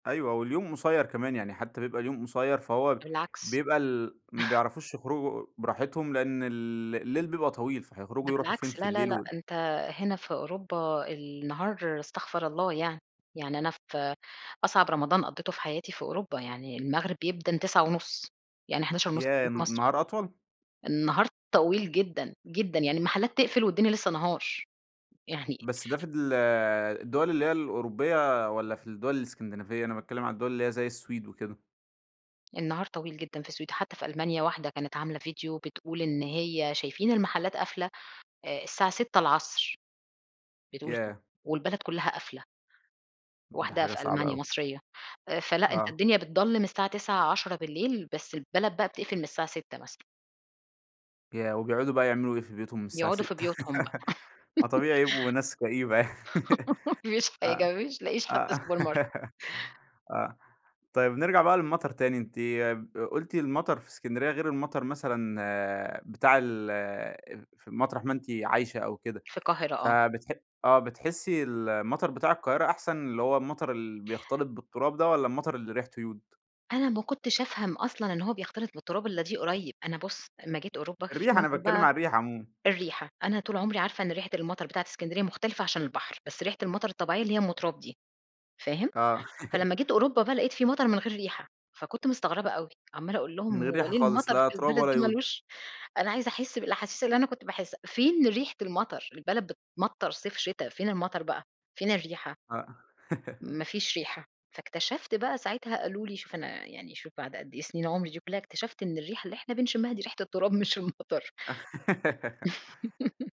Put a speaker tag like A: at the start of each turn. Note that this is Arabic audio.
A: أيوه، واليوم قصيِّر كمان، يعني حتى بيبقى اليوم قصيِّر، فهو
B: بالعكس.
A: بيبقى ال ما بيعرفوش يخرُجوا براحتهم، لأن ال الليل بيبقى طويل، فهيخرُجوا
B: ده
A: يرُوحوا فين
B: بالعكس،
A: في
B: لا، لا،
A: الليل،
B: لأ،
A: و
B: أنتَ هنا في أوروبا النهار، استغفر الله يعني، يعني أنا في أصعب رمضان قضِّيته في حياتي في أوروبا يعني، المغرَب بيأذَّن 21:30 يعني 23:30 في
A: ياه!
B: توقيت
A: الن
B: مصر.
A: النهار أطول؟
B: النهار طويل جدًا، جدًا، يعني المحلات تقفل والدنيا لسه نهار. يعني
A: بس ده في ال الدول اللي هي الأوروبية، والّا في الدول الإسكندِنافية؟ أنا باتكلَّم عن الدول اللي هي زي السويد وكده.
B: النهار طويل جدًا في السويد، حتى في ألمانيا، واحدة كانت عاملة فيديو بتقول إن هي "شايِفين المحلات قافِلة الساعة 18:00." بتقول كده،
A: ياه!
B: والبلد كلّها قافِلة.
A: ده
B: واحدة
A: حاجة
B: في
A: صعبة
B: ألمانيا،
A: أوي.
B: مصرية. آآ فلأ، أنتَ
A: آه.
B: الدنيا بتضلَّم الساعة 21:00، 22:00، بس البلد بقى بتقفَل من الساعة 18:00 مثلًا.
A: ياه! وبيقعُدوا بقى يعملوا إيه في بيوتهُم من الساعة
B: يقعدوا في
A: 18:00؟
B: بيوتهم بقى.
A: ما طبيعي يبقوا ناس كئيبة يعني.
B: ما فيش
A: آه،
B: حاجة، ما فيش ما تلقِّيش حتى
A: آه.
B: supermarket.
A: آه. طيب نرجع بقى للمطَر تاني، أنتِ ب قُلتِ المطر في إسكندرية غير المطر مثلًا بتاع ال [unintelligible] في مطرَح ما أنتِ عايشة أو كده.
B: في القاهرة، آه.
A: فبتح آه، بتحسِّي المطر بتاع القاهرة أحسن، اللي هو المطر اللي بيختلط بالتراب ده، والّا المطَر اللي ريحته يود؟
B: أنا ما كنتِش أفهم أصلًا إن هو بيختلط بالتراب إلَّا دي قريب. أنا بُص، أمَّا جيت أوروبا في
A: الريحة، أنا
B: مطَر
A: باتكلم
B: بقى
A: عن الريحة عمومًا.
B: الريحة، أنا طول عمري عارِفة إن ريحة المطر بتاعة إسكندرية مختلِفة عشان البحر، بس ريحة المطر الطبيعية اللي هي أم تراب دي، فاهم؟
A: آه.
B: فلمَّا جيت أوروبا بقى لقِيت في مطَر من غير ريحة، فكنت مستغرِبة أوي، عمَّالة أقول لهُم:
A: من غير
B: "هو
A: ريحة
B: ليه
A: خالص،
B: المطر
A: لا
B: في
A: تراب
B: البلد
A: ولا
B: دي ما
A: يود.
B: لوش أنا عايزة أحس بالأحاسيس اللي أنا كنت باحس فين ريحة المطَر؟ البلد بتمطَر صيف شتا، فين المطَر بقى، فين الريحة؟"
A: آه.
B: ما فيش ريحة، فاكتشَفِت بقى ساعتها، قالوا لي شوف أنا يعني شوف بعد قد إيه سنين عُمري دي كلها، اكتشفت إن الريحة اللي إحنا بنشمِّها دي ريحة التراب مش المطر.